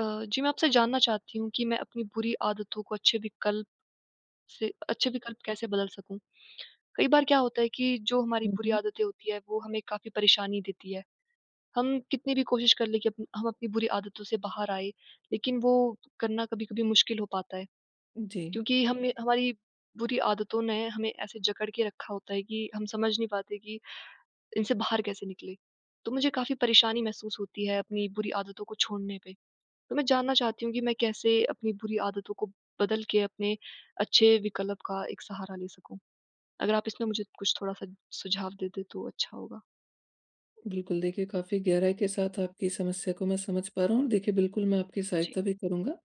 अ, जी, मैं आपसे जानना चाहती हूँ कि मैं अपनी बुरी आदतों को अच्छे विकल्प, से अच्छे विकल्प कैसे बदल सकूँ? कई बार क्या होता है कि जो हमारी हुँ, बुरी हुँ। आदतें होती हैं, वो हमें काफ़ी परेशानी देती हैं। हम कितनी भी कोशिश कर लें कि अप्न हम अपनी बुरी आदतों से बाहर आएँ, लेकिन वो करना कभी-कभी मुश्किल हो पाता है। जी। क्योंकि हमें हमारी बुरी आदतों ने हमें ऐसे जकड़ के रखा होता है कि हम समझ नहीं पाते कि इनसे बाहर कैसे निकलें। तो मुझे काफ़ी परेशानी महसूस होती है अपनी बुरी आदतों को छोड़ने पे। तो मैं जानना चाहती हूँ कि मैं कैसे अपनी बुरी आदतों को बदल के अपने अच्छे विकल्प का एक सहारा ले सकूँ। अगर आप इसमें मुझे कुछ थोड़ा-सा सुझाव देते, तो अच्छा होगा। बिल्कुल। देखिए, काफ़ी गहराई के साथ आपकी समस्या को मैं समझ पा रहा हूँ। देखिए, बिल्कुल, मैं आपकी जी। सहायता भी करूँगा।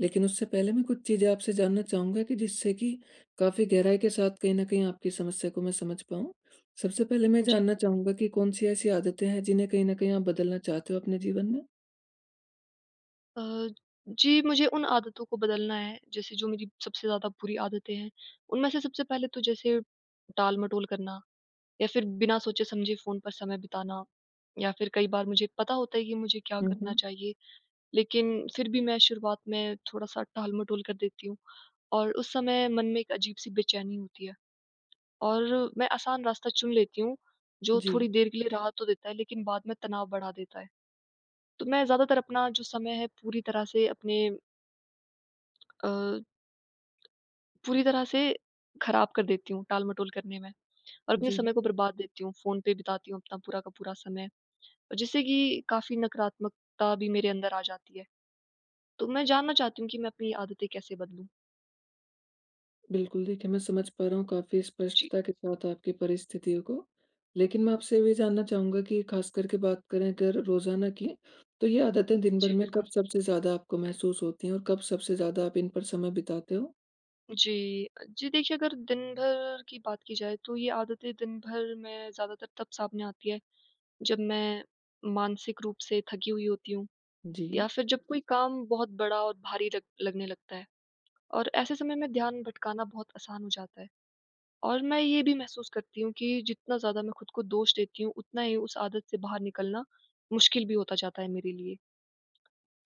लेकिन उससे पहले मैं कुछ चीज़ें आपसे जानना चाहूँगा, कि जिससे कि काफ़ी गहराई के साथ कहीं ना कहीं आपकी समस्या को मैं समझ पाऊँ। सबसे पहले मैं जी। जानना चाहूँगा कि कौन सी ऐसी आदतें हैं, जिन्हें कहीं ना कहीं आप बदलना चाहते हो अपने जीवन में? अ, जी, मुझे उन आदतों को बदलना है। जैसे, जो मेरी सबसे ज़्यादा बुरी आदतें हैं, उनमें से सबसे पहले तो जैसे टाल-मटोल करना, या फिर बिना सोचे-समझे फ़ोन पर समय बिताना या फिर कई बार मुझे पता होता है कि मुझे क्या हुँ, करना हुँ। चाहिए, लेकिन फिर भी मैं शुरुआत में थोड़ा-सा टाल-मटोल कर देती हूँ, और उस समय मन में एक अजीब-सी बेचैनी होती है, और मैं आसान रास्ता चुन लेती हूँ, जो थोड़ी जी। देर के लिए राहत तो देता है, लेकिन बाद में तनाव बढ़ा देता है। तो मैं ज़्यादातर अपना जो समय है, पूरी तरह से अपने अ, पूरी तरह से ख़राब कर देती हूँ, टालमटोल करने में। और अपने जी। समय को बर्बाद देती हूँ, फ़ोन पे बिताती हूँ अपना पूरा का पूरा समय, जिससे कि काफ़ी नकारात्मकता भी मेरे अंदर आ जाती है। तो मैं जानना चाहती हूँ कि मैं अपनी आदतें कैसे बदलूँ। बिल्कुल देखिए, मैं समझ पा रहा हूँ काफ़ी जी। स्पष्टता के साथ आपकी परिस्थितियों को। लेकिन मैं आपसे ये भी जानना चाहूँगा कि ख़ास करके बात करें अगर रोज़ाना की, तो ये आदतें दिन जी, भर में बिल्कुल। कब सबसे ज़्यादा आपको महसूस होती हैं, और कब सबसे ज़्यादा आप इन पर समय बिताते हो? जी। जी देखिए, अगर दिन भर की बात की जाए, तो ये आदतें दिन भर में ज़्यादातर तब सामने आती हैं, जब मैं मानसिक रूप से थकी हुई होती हूँ, जी। या फिर जब कोई काम बहुत बड़ा और भारी लग लगने लगता है, और ऐसे समय में ध्यान भटकाना बहुत आसान हो जाता है। और मैं ये भी महसूस करती हूँ कि जितना ज़्यादा मैं ख़ुद को दोष देती हूँ, उतना ही उस आदत से बाहर निकलना मुश्किल भी होता जाता है मेरे लिए।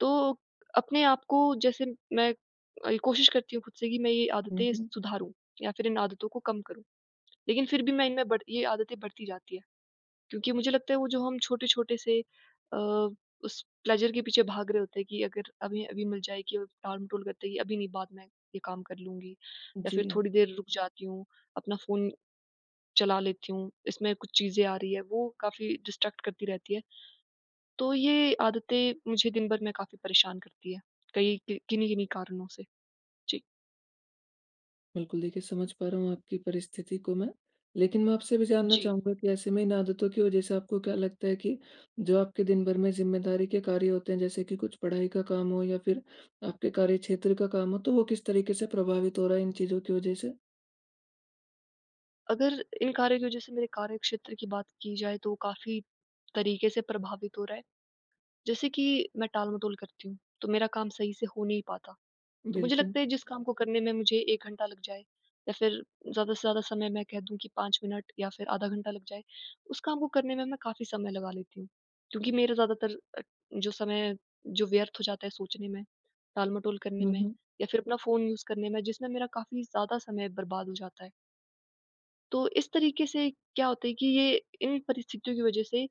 तो अपने आप को, जैसे मैं अल कोशिश करती हूँ ख़ुद से कि मैं ये हुँ, आदतें हुँ। सुधारूँ, या फिर इन आदतों को कम करूँ, लेकिन फिर भी मैं इनमें बढ़ ये आदतें बढ़ती जाती हैं। क्योंकि मुझे लगता है, वो जो हम छोटे-छोटे से अ, उस प्लेज़र के पीछे भाग रहे होते हैं, कि अगर अभी, अभी मिल जाए कि अ, टाल-मटोल करते हैं कि अभी नहीं, बाद में ये काम कर लूँगी, या फिर जी। थोड़ी देर रुक जाती हूँ, अपना फ़ोन चला लेती हूँ, इसमें कुछ चीज़ें आ रही हैं, वो काफ़ी डिस्ट्रैक्ट करती रहती हैं। तो ये आदतें मुझे दिन भर में काफ़ी परेशान करती हैं, कई कि किन्ही-किन्ही कारणों से। जी। बिल्कुल देखिए, समझ पा रहा हूँ आपकी परिस्थिति को मैं। लेकिन मैं आपसे भी जानना जी। चाहूँगा कि, ऐसे में इन आदतों की वजह से आपको क्या लगता है कि जो आपके दिन भर में ज़िम्मेदारी के कार्य होते हैं, जैसे कि कुछ पढ़ाई का काम हो, या फिर आपके कार्य क्षेत्र का काम हो, तो वो किस तरीके से प्रभावित हो रहा है, इन चीज़ों की वजह से? अगर इन कार्यों की वजह से मेरे कार्यक्षेत्र की बात की जाए, तो काफ़ी तरीके से प्रभावित हो रहा है। जैसे कि मैं टालमटोल करती हूँ, तो मेरा काम सही से हो नहीं पाता। तो मुझे बिल्कुल। लगता है, जिस काम को करने में मुझे 1 घंटा लग जाए, या फिर ज़्यादा से ज़्यादा समय मैं कह दूँ कि 5 मिनट, या फिर आधा घंटा लग जाए, उस काम को करने में मैं काफ़ी समय लगा लेती हूँ। क्योंकि मेरा ज़्यादातर अ, जो समय है, जो व्यर्थ हो जाता है सोचने में, टालमटोल करने हुँ, में, हुँ। या फिर अपना फ़ोन यूज़ करने में। जिसमें मेरा काफ़ी ज़्यादा समय बर्बाद हो जाता है। तो इस तरीके से क्या होता है कि ये इन परिस्थितियों की वजह से,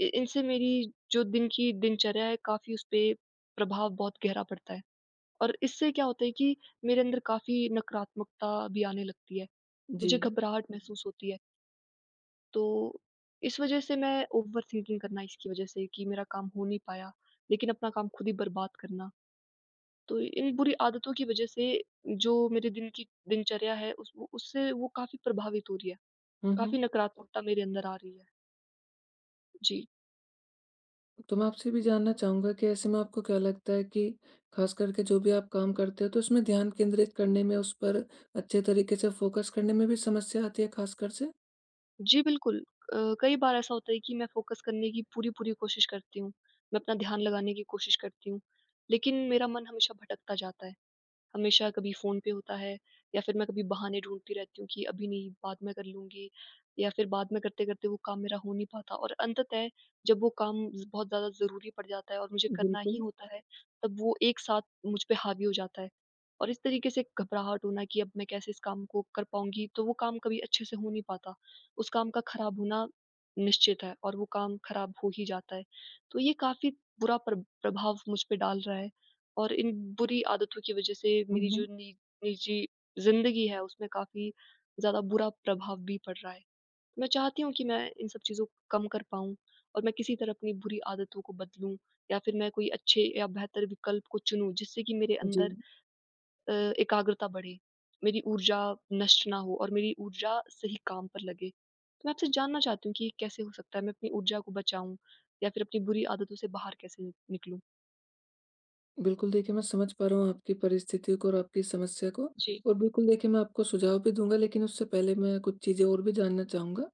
इ इनसे मेरी जो दिन की दिनचर्या है, काफ़ी उसपे प्रभाव बहुत गहरा पड़ता है। और इससे क्या होता है कि मेरे अंदर काफ़ी नकारात्मकता भी आने लगती है। मुझे जी। घबराहट महसूस होती है। तो इस वजह से मैं ओवर-थिंकिंग करना इसकी वजह से कि मेरा काम हो नहीं पाया, लेकिन अपना काम ख़ुद ही बर्बाद करना। तो इन बुरी आदतों की वजह से जो मेरे दिन की दिनचर्या है, उस वो उससे वो काफ़ी प्रभावित हो रही है। हुँ, हुँ। काफ़ी नकारात्मकता मेरे अंदर आ रही है। जी। तो मैं आपसे ये भी जानना चाहूँगा कि ऐसे में आपको क्या लगता है कि ख़ास करके जो भी आप काम करते हो, तो उसमें ध्यान केंद्रित करने में, उस पर अच्छे तरीके से फ़ोकस करने में भी समस्या आती है, ख़ासकर से? जी बिल्कुल। अ, कई बार ऐसा होता है कि मैं फ़ोकस करने की पूरी-पूरी कोशिश करती हूँ। मैं अपना ध्यान लगाने की कोशिश करती हूँ। लेकिन मेरा मन हमेशा भटकता जाता है। हमेशा कभी फ़ोन पे होता है, या फिर मैं कभी बहाने ढूँढती रहती हूँ कि अभी नहीं, बाद में कर लूँगी या फिर बाद में करते-करते वो काम मेरा हो नहीं पाता और अंततः जब वो काम ज़ बहुत ज़्यादा ज़रूरी पड़ जाता है, और मुझे करना ही बिल्कुल। होता है, तब वो एक साथ मुझ पे हावी हो जाता है। और इस तरीके से घबराहट होना कि अब मैं कैसे इस काम को कर पाऊँगी। तो वो काम कभी अच्छे से हो नहीं पाता। उस काम का ख़राब होना निश्चित है, और वो काम ख़राब हो ही जाता है। तो ये काफ़ी बुरा प्रा प्रभाव मुझ पे डाल रहा है। और इन बुरी आदतों की वजह से हुँ, मेरी जो हुँ। नि निजी ज़िंदगी है, उसमें काफ़ी ज़्यादा बुरा प्रभाव भी पड़ रहा है। मैं चाहती हूँ कि मैं इन सब चीज़ों को कम कर पाऊँ और मैं किसी तरह अपनी बुरी आदतों को बदलूँ। या फिर मैं कोई अच्छे अ, बेहतर विकल्प को चुनूँ, जिससे कि मेरे अंदर जी। अ, एकाग्रता बढ़े। मेरी ऊर्जा नष्ट ना हो और मेरी ऊर्जा सही काम पर लगे। तो मैं आपसे जानना चाहती हूँ कि ये कैसे हो सकता है? मैं अपनी ऊर्जा को बचाऊँ या फिर अपनी बुरी आदतों से बाहर कैसे न निकालूँ? बिल्कुल देखिए, मैं समझ पा रहा हूँ आपकी परिस्थिति को और आपकी समस्या को। जी। और बिल्कुल देखिए, मैं आपको सुझाव भी दूँगा। लेकिन उससे पहले मैं कुछ चीज़ें और भी जानना चाहूँगा।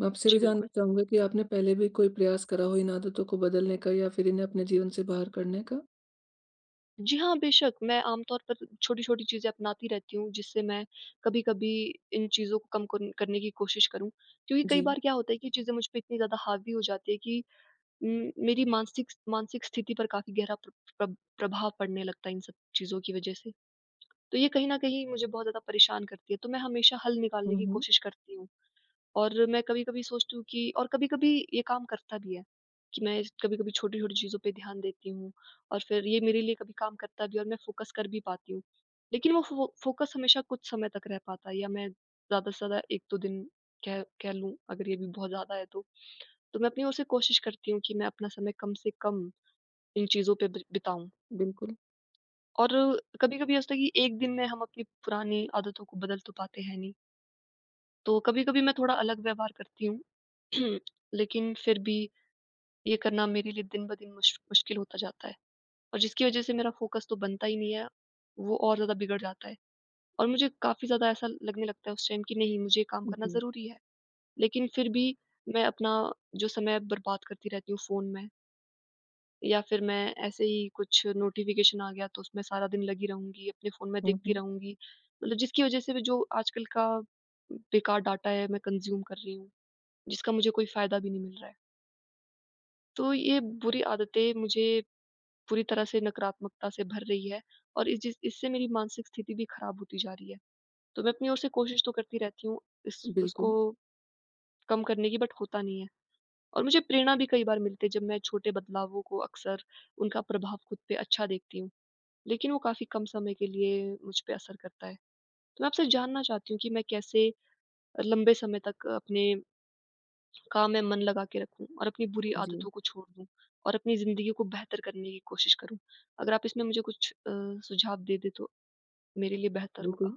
मैं आपसे ये भी जी, बिल्कुल। जानना चाहूँगा कि आपने पहले भी कोई प्रयास करा हो इन आदतों को बदलने का, या फिर इन्हें अपने जीवन से बाहर करने का। जी हाँ, बेशक़। मैं आमतौर पर छोटी-छोटी चीज़ें अपनाती रहती हूँ, जिससे मैं कभी-कभी इन चीज़ों को कम कन करने की कोशिश करूँ। क्योंकि कई जी। बार क्या होता है कि ये चीज़ें मुझ पे इतनी ज़्यादा हावी हो जाती है कि उम, मेरी मानसिक मानसिक स्थिति पर काफ़ी गहरा प्र प्रभ प्रभाव पड़ने लगता है इन सब चीज़ों की वजह से। तो ये कहीं ना कहीं मुझे बहुत ज़्यादा परेशान करती है, तो मैं हमेशा हल हुँ, निकालने की हुँ। कोशिश करती हूँ। और मैं कभी-कभी सोचती हूँ कि और कभी-कभी ये काम करता भी है, कि मैं कभी-कभी छोटी-छोटी चीज़ों पे ध्यान देती हूँ, और फिर ये मेरे लिए कभी काम करता भी है और मैं फ़ोकस कर भी पाती हूँ। लेकिन वो फ़ो फ़ोकस हमेशा कुछ समय तक रह पाता है, या मैं ज़्यादा-से-ज़्यादा 1-2 दिन कह कह लूँ, अगर ये भी बहुत ज़्यादा है तो। तो मैं अपनी ओर से कोशिश करती हूँ कि मैं अपना समय कम-से-कम इन चीजों पे बिर बिताऊँ। बिल्कुल। और कभी-कभी ये हो सकता है कि 1 दिन में हम अपनी पुरानी आदतों को बदल तो पाते हैं नहीं। तो कभी-कभी मैं थोड़ा अलग व्यवहार करती हूँ। लेकिन फिर भी ये करना मेरे लिए दिन-ब-दिन मुश मुश्किल होता जाता है, और जिसकी वजह से मेरा फ़ोकस तो बनता ही नहीं है, वो और ज़्यादा बिगड़ जाता है। और मुझे काफ़ी ज़्यादा ऐसा लगने लगता है उस टाइम कि नहीं, मुझे ये काम करना जी। ज़रूरी है, लेकिन फिर भी मैं अपना जो समय बर्बाद करती रहती हूँ फ़ोन में। या फिर मैं ऐसे ही, कुछ नोटिफ़िकेशन आ गया, तो उसमें सारा दिन लगी रहूँगी। अपने फ़ोन में हुँ, देखती हुँ। रहूँगी मतलब जिसकी वजह से भी जो आजकल का बेकार डाटा है, मैं कंज़्यूम कर रही हूँ, जिसका मुझे कोई फ़ायदा भी नहीं मिल रहा है। तो ये बुरी आदतें मुझे, पूरी तरह से नकारात्मकता से भर रही हैं और इस जिस इससे मेरी मानसिक स्थिति भी ख़राब होती जा रही है। तो मैं अपनी ओर से कोशिश तो करती रहती हूँ, इस उसको बिल्कुल। कम करने की, बट होता नहीं है। और मुझे प्रेरणा भी कई बार मिलती है, जब मैं छोटे बदलावों को, अक्सर उनका प्रभाव ख़ुद पे अच्छा देखती हूँ। लेकिन वो काफ़ी कम समय के लिए मुझ पे असर करता है। तो मैं आपसे जानना चाहती हूँ कि मैं कैसे लंबे समय तक अपने काम में मन लगा के रखूँ, और अपनी बुरी जी। आदतों को छोड़ दूँ, और अपनी ज़िंदगी को बेहतर करने की कोशिश करूँ? अगर आप इसमें मुझे कुछ अ, सुझाव दे-दे, तो मेरे लिए बेहतर होगा। बिल्कुल।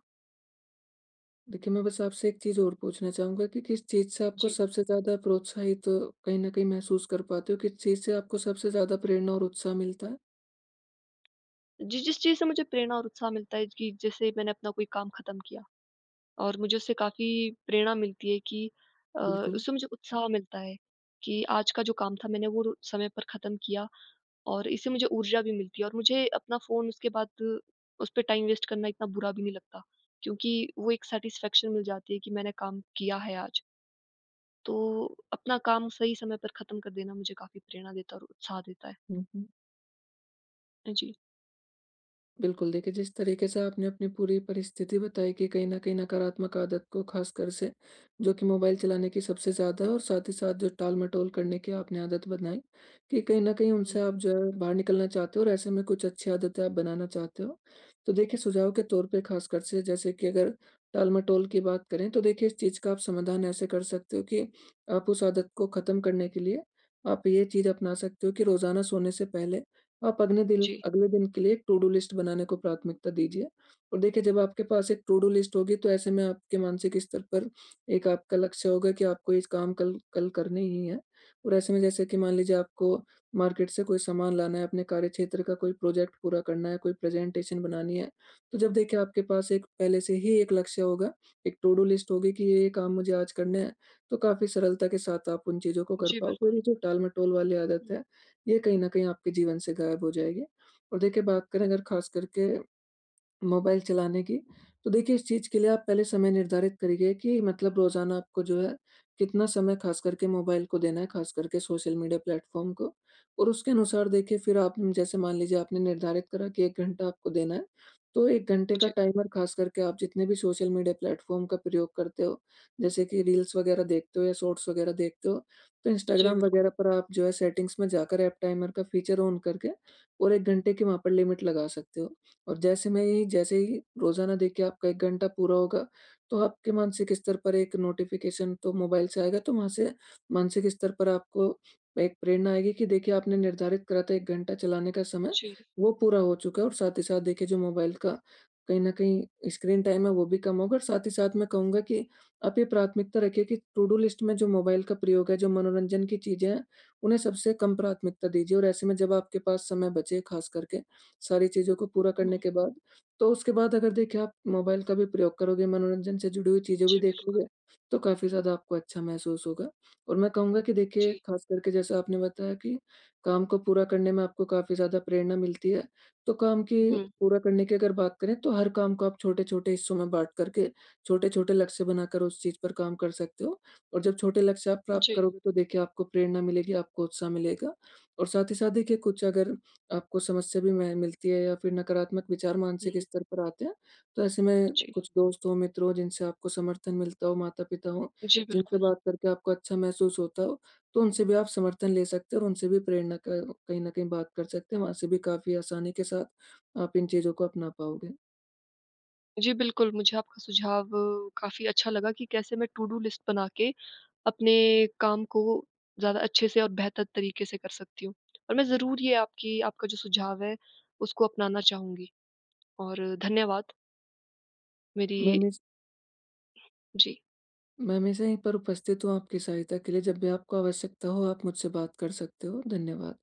देखिए, मैं बस आपसे एक चीज़ और पूछना चाहूँगा कि किस चीज़ से आपको जी। सबसे ज़्यादा प्रोत्साहित, कहीं न कहीं महसूस कर पाते हो? किस चीज़ से आपको सबसे ज़्यादा प्रेरणा और उत्साह मिलता है? जिस-जिस चीज़ से मुझे प्रेरणा और उत्साह मिलता है च कि जैसे, मैंने अपना कोई काम खत्म किया और मुझे उससे काफ़ी प्रेरणा मिलती है कि अ, बिल्कुल। उससे मुझे उत्साह मिलता है कि आज का जो काम था मैंने वो रो समय पर खत्म किया और इससे मुझे ऊर्जा भी मिलती है और मुझे अपना फ़ोन उसके बाद, उसपे टाइम वेस्ट करना इतना बुरा भी नहीं लगता क्योंकि, वो एक सैटिस्फैक्शन मिल जाती है कि मैंने काम किया है आज। तो अपना काम सही समय पर खत्म कर देना मुझे काफ़ी प्रेरणा देता है और उत्साह देता है। हुँ, हुँ। ए, जी। बिल्कुल। देखिए, जिस तरीके से आपने अपनी पूरी परिस्थिति बताई कि कहीं न कहीं नकारात्मक आदत को खासकर से, जो कि मोबाइल चलाने की सबसे ज़्यादा है। और साथ ही साथ जो टालमटोल करने की आपने आदत बनाई कि कहीं न कहीं हुँ। उनसे आप जो है बाहर निकलना चाहते हो और ऐसे में कुछ अच्छी आदतें आप बनाना चाहते हो। तो देखिए, सुझाव के तौर पे खास कर से जैसे कि अगर टालमटोल की बात करें तो देखिए, इस चीज़ का आप समाधान ऐसे कर सकते हो कि आप उस आदत को खत्म करने के लिए आप ये चीज़ अपना सकते हो कि रोज़ाना सोने से पहले, आप अगने दिल जी। अगले दिन के लिए टू-डू लिस्ट बनाने को प्राथमिकता दीजिए और देखिए, जब आपके पास एक टू-डू लिस्ट होगी, तो ऐसे में आपके मानसिक स्तर पर, एक आपका लक्ष्य होगा कि आपको इस काम कल कल करने ही हैं। और ऐसे में जैसे कि मान लीजिए आपको मार्केट से कोई सामान लाना है, अपने कार्यक्षेत्र का कोई प्रोजेक्ट पूरा करना है, कोई प्रेजेंटेशन बनानी है। तो जब देखिए आपके पास एक, पहले से ही एक लक्ष्य होगा, एक टू-डू लिस्ट होगी कि ये-ये काम मुझे आज करने हैं। तो काफ़ी सरलता के साथ आप उन चीज़ों को कर जी, पाओगे और बिल्कुल। ये जो टालमटोल वाली आदत हुँ। है, ये कहीं न कहीं आपके जीवन से गायब हो जाएगी। और देखिए, बात करें अगर खास करके, मोबाइल चलाने की, तो देखिए इस चीज़ के लिए आप पहले समय निर्धारित करिए कि मतलब रोज़ाना आपको जो है, कितना समय खास करके मोबाइल को देना है, खास करके सोशल मीडिया प्लेटफॉर्म को। और उसके अनुसार देखिए, फिर आप न जैसे मान लीजिए आपने निर्धारित करा कि 1 घंटा आपको देना है। तो 1 घंटे का जी। टाइमर खास करके आप जितने भी सोशल मीडिया प्लेटफॉर्म का प्रयोग करते हो, जैसे कि रील्स वग़ैरह देखते हो या शॉट्स वग़ैरह देखते हो, तो जी, इंस्टाग्राम बिल्कुल। वग़ैरह पर आप जो है सेटिंग्स में जाकर आप टाइमर का फ़ीचर ऑन कर के और 1 घंटे की वहाँ पर लिमिट लगा सकते हो। और जैसे में ही जैसे ही, रोज़ाना देखिए आपका 1 घंटा पूरा होगा, तो आपके मानसिक स्तर पर 1 नोटिफ़िकेशन तो मोबाइल से आएगा तो वहाँ से मानसिक स्तर पर आपको, एक प्रेरणा आएगी कि देखिए आपने निर्धारित करा था 1 घंटा चलाने का समय, जी। वो पूरा हो चुका है और साथ ही साथ देखिए, जो मोबाइल का, कहीं न कहीं, स्क्रीन टाइम है, वो भी कम होगा और साथ ही साथ मैं कहूँगा कि आप ये प्राथमिकता रखिए कि टू-डू लिस्ट में जो मोबाइल का प्रयोग है, जो मनोरंजन की चीज़ें हैं, उन्हें सबसे कम प्राथमिकता दीजिए और ऐसे में जब आपके पास समय बचे, खास करके, सारी चीज़ों को पूरा करने हुँ। के बाद, तो उसके बाद अगर देखिए आप मोबाइल का भी प्रयोग करोगे, मनोरंजन से जुड़ी हुई चीज़ें जी, भी बिल्कुल। देखोगे, तो काफ़ी ज़्यादा आपको अच्छा महसूस होगा। और मैं कहूँगा कि देखिए, जी। खास करके जैसे आपने बताया कि काम को पूरा करने में आपको काफ़ी ज़्यादा प्रेरणा मिलती है, तो काम की हुँ। पूरा करने की अगर बात करें, तो हर काम को आप छोटे-छोटे हिस्सों में बाँट करके छोटे-छोटे लक्ष्य बनाकर उस चीज़ पर काम कर सकते हो। और जब छोटे लक्ष्य आप प्राप्त जी। करोगे, तो देखिए आपको प्रेरणा मिलेगी, आपको उत्साह मिलेगा। और साथ ही साथ देखिए, कुछ अगर, आपको समस्या भी मैं मिलती है या फिर नकारात्मक विचार मानसिक हुँ। स्तर पर आते हैं, तो ऐसे में, जी। कुछ दोस्तों मित्रों जिनसे आपको समर्थन मिलता हो, माता-पिता हों, जी, जिनसे बिल्कुल। बात करके आपको अच्छा महसूस होता हो, तो उनसे भी आप समर्थन ले सकते हैं और उनसे भी प्रेरणा क कहीं न कहीं बात कर सकते हैं। वहाँ से भी काफ़ी आसानी के साथ, आप इन चीज़ों को अपना पाओगे। जी, बिल्कुल। मुझे आपका सुझाव काफ़ी अच्छा लगा कि कैसे मैं टू-डू लिस्ट बना के अपने काम को ज़्यादा अच्छे से और बेहतर तरीके से कर सकती हूँ और मैं ज़रूर ये आपकी आपका जो सुझाव है उसको अपनाना चाहूँगी। और धन्यवाद। मैं मेरी हमेश जी। मैं हमेशा यहीं पर उपस्थित हूँ आपकी सहायता के लिए। जब भी आपको आवश्यकता हो, आप मुझसे बात कर सकते हो। धन्यवाद।